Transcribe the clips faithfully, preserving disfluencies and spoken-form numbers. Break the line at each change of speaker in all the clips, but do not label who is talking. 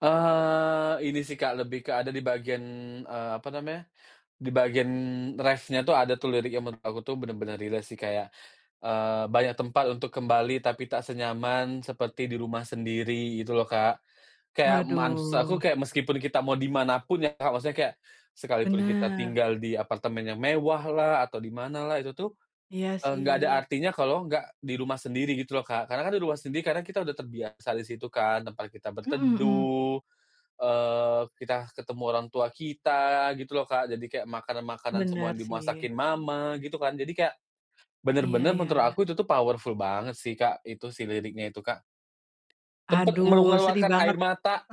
Eee, ini sih, Kak, lebih ke ada di bagian, eee, apa namanya, di bagian reff-nya tuh ada tuh lirik yang menurut aku tuh bener-bener relate sih kayak, eee, "Banyak tempat untuk kembali, tapi tak senyaman seperti di rumah sendiri." Gitu loh Kak. Kayak maksud aku
Waduh.
kayak meskipun kita mau di mana pun ya, Kak, maksudnya kayak sekalipun kita
Bener.
tinggal di apartemen yang mewahlah, atau di manalah, itu tuh,
Iya
eee, enggak ada
sih.
artinya kalau enggak di rumah sendiri gitu loh, Kak, karena kan di rumah sendiri, karena kita udah terbiasa di situ kan, tempat kita
Mhm mhm.
berteduh, eee, kita ketemu orang tua kita, gitu loh, Kak, jadi kayak makanan-makanan semua
Bener
yang
sih.
dimasakin mama, gitu kan, jadi kayak
Iya
bener-bener
iya
menurut
iya.
aku itu tuh powerful banget sih, Kak, itu si liriknya itu, Kak. Sempat
Aduh sedih
mengeluarkan
banget.
air mata!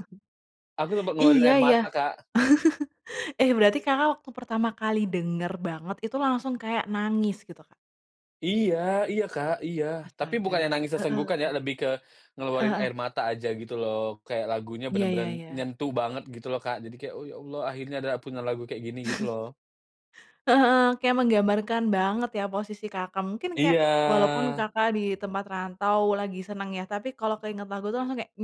Aku sempat ngeluarin
Iya
air
iya.
mata, Kak.
Eh, berarti Kakak waktu pertama kali denger banget itu langsung kayak nangis gitu, Kak?
Iya iya, Kak, iya, tapi
Astaga.
bukannya nangis
Heeh heeh. Heeh
sesenggukan ya,
heeh.
lebih ke
Heeh
ngeluarin
heeh
air mata aja gitu loh, kayak lagunya
Iya iya
bener-bener
iya.
nyentuh banget gitu loh, Kak, jadi kayak, "Oh, ya Allah akhirnya ada punya lagu kayak gini." Gitu loh.
Heeh heeh. Kayak menggambarkan banget ya posisi Kakak. Mungkin kayak
Iya.
walaupun Kakak di tempat rantau, lagi seneng ya, tapi kalau keinget lagu itu langsung kayak,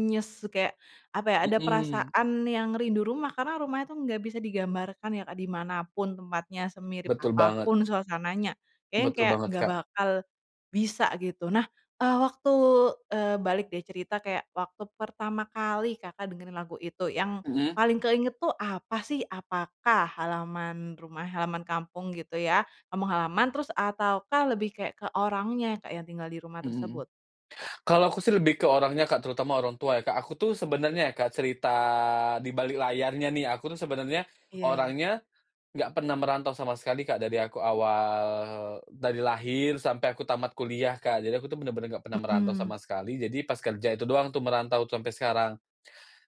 kayak, apa ya, ada
Mhm.
perasaan yang rindu rumah karena rumahnya tuh gak bisa digambarkan ya, Kak, di mana pun tempatnya, semirip
Betul
apa
banget.
pun suasananya. Kayaknya yang
Betul
kayak
banget,
gak
Kak.
bakal bisa gitu, nah, eee, waktu, eee, balik deh cerita kayak waktu pertama kali Kakak dengerin lagu itu, yang
Mhm.
paling keinget tuh apa sih? Apakah halaman rumah halaman kampung gitu ya, kampung halaman terus ataukah lebih kayak ke orangnya ya, Kak, yang tinggal di rumah
Mhm.
tersebut?
Kalau aku sih lebih ke orangnya, Kak, terutama orang tua ya, Kak. Aku tuh sebenarnya ya, Kak, cerita dibalik layarnya nih, aku tuh sebenarnya
Iya iya.
orangnya enggak pernah merantau sama sekali, Kak, dari aku awal dari lahir sampai aku tamat kuliah, Kak, jadi aku bener-bener enggak pernah merantau sama
Mhm.
sekali, jadi pas kerja itu doang tuh merantau sampai sekarang.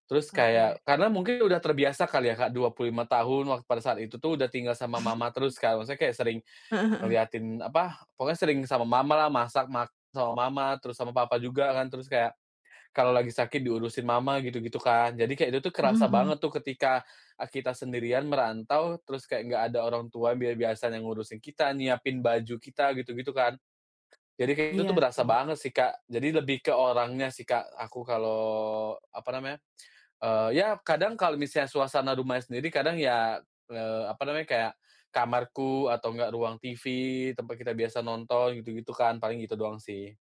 Terus
Oke.
kayak karena mungkin udah terbiasa kali ya, Kak dua puluh lima tahun wak pada saat itu tuh udah tinggal sama mama terus kan, maksudnya kayak sering
Heeh heeh.
ngeliatin, apa, pokoknya sering sama mamalah, masak mak sama mama, terus sama papa juga kan, terus kayak kalau lagi sakit diurusin mama gitu-gitu kan, jadi kayak itu tuh
Mhm
kerasa
mhm.
banget tuh ketika, eee, kita sendirian merantau, terus kayak enggak ada orang tua bia biasanya ngurusin kita, nyiapin baju kita gitu-gitu kan. Jadi kayak gitu tuh
Iya
berasa
sih.
banget sih, Kak, jadi lebih ke orangnya sih, Kak, aku kalau, apa namanya, eee, ya kadang kalau misalnya suasana rumahnya sendiri kadang ya, eee, apa namanya, kayak kamarku atau enggak ruang TV tempat kita biasa nonton gitu-gitu kan, paling gitu doang sih.